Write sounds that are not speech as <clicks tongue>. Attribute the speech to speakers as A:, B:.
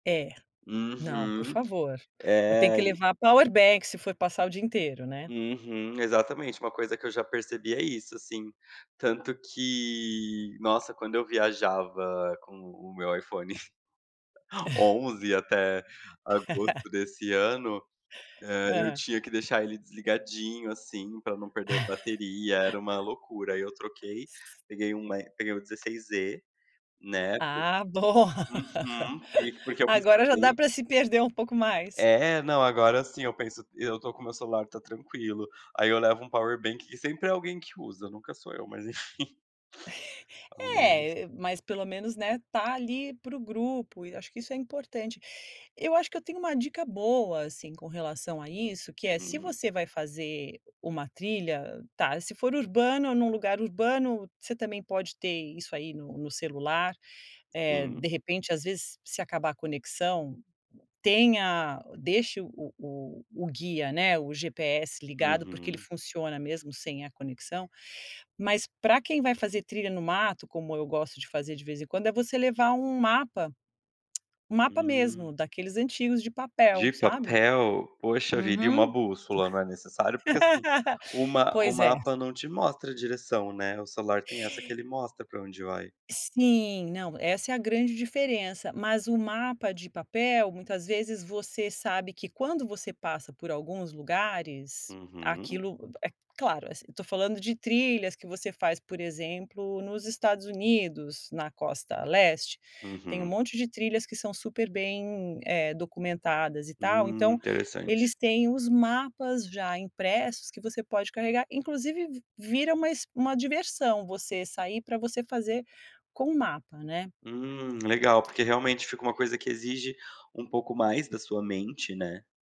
A: É. Não, por
B: Uhum.
A: favor. Eu tenho
B: É,
A: que
B: e
A: levar Power Bank se for passar o dia inteiro, né?
B: Uhum, exatamente, uma coisa que eu já percebi é isso, assim. Tanto que nossa quando eu viajava com o meu iPhone <giggles>
A: <chuckles>
B: 11 até agosto
A: <laughs>
B: desse ano, eh, eu
A: Hã.
B: tinha que deixar ele desligadinho, assim, pra não perder a bateria, era uma loucura, aí eu troquei,
A: <laughs>
B: peguei o E peguei o 16E, né, que
A: Ah bom,
B: Uhum.
A: <laughs>
B: Porque eu
A: agora já dá
B: pesquisei
A: pra se perder um pouco mais.
B: É, não agora, assim, eu penso eu estou com o meu celular tá tranquilo, aí eu levo um power bank e sempre é alguém que usa, nunca sou eu mas enfim. <chuckles>
A: <chuckles>
B: Ao menos
A: É, e e mas pelo menos, né, tá ali para o grupo e acho que isso é importante. Eu acho que eu tenho uma dica boa, assim, com relação a isso, que é, se
B: Hum.
A: você vai fazer uma trilha, tá, se for urbano, num lugar urbano, você também pode ter isso aí no no celular, eh, de
B: Sim.
A: repente, às vezes, se acabar a conexão, tenha deixe o o o guia, né, o GPS ligado, porque ele
B: Uhum.
A: funciona mesmo sem a conexão. Mas pra quem vai fazer trilha no mato, como eu gosto de fazer de vez em quando, é você levar um mapa, <clicks tongue> um mapa mesmo
B: Hum.
A: daqueles antigos de
B: De
A: papel, sabe?
B: papel? Poxa vida, e uma
A: Uhum.
B: bússola, não é necessário? Porque assim,
A: <laughs>
B: o ma o
A: Pois é.
B: mapa não te mostra a direção, né, o celular tem essa que ele mostra pra onde vai.
A: Sim, não, essa é a grande diferença. Mas o mapa de papel muitas vezes você sabe que quando você passa por alguns lugares,
B: Uhum.
A: aquilo, é claro, assi eu estou falando de trilhas que você faz, por exemplo, nos Estados Unidos, na costa leste, tem um
B: Uhum.
A: monte de trilhas que são super bem, eh, documentadas e tal.
B: Hum,
A: Então
B: interessante.
A: eles têm os mapas já impressos que você pode carregar, inclusive vi vira uma exp uma diversão você sair para você fazer com o mapa, né.
B: Hum, legal, porque realmente fica uma coisa que exige um pouco mais da sua mente, né?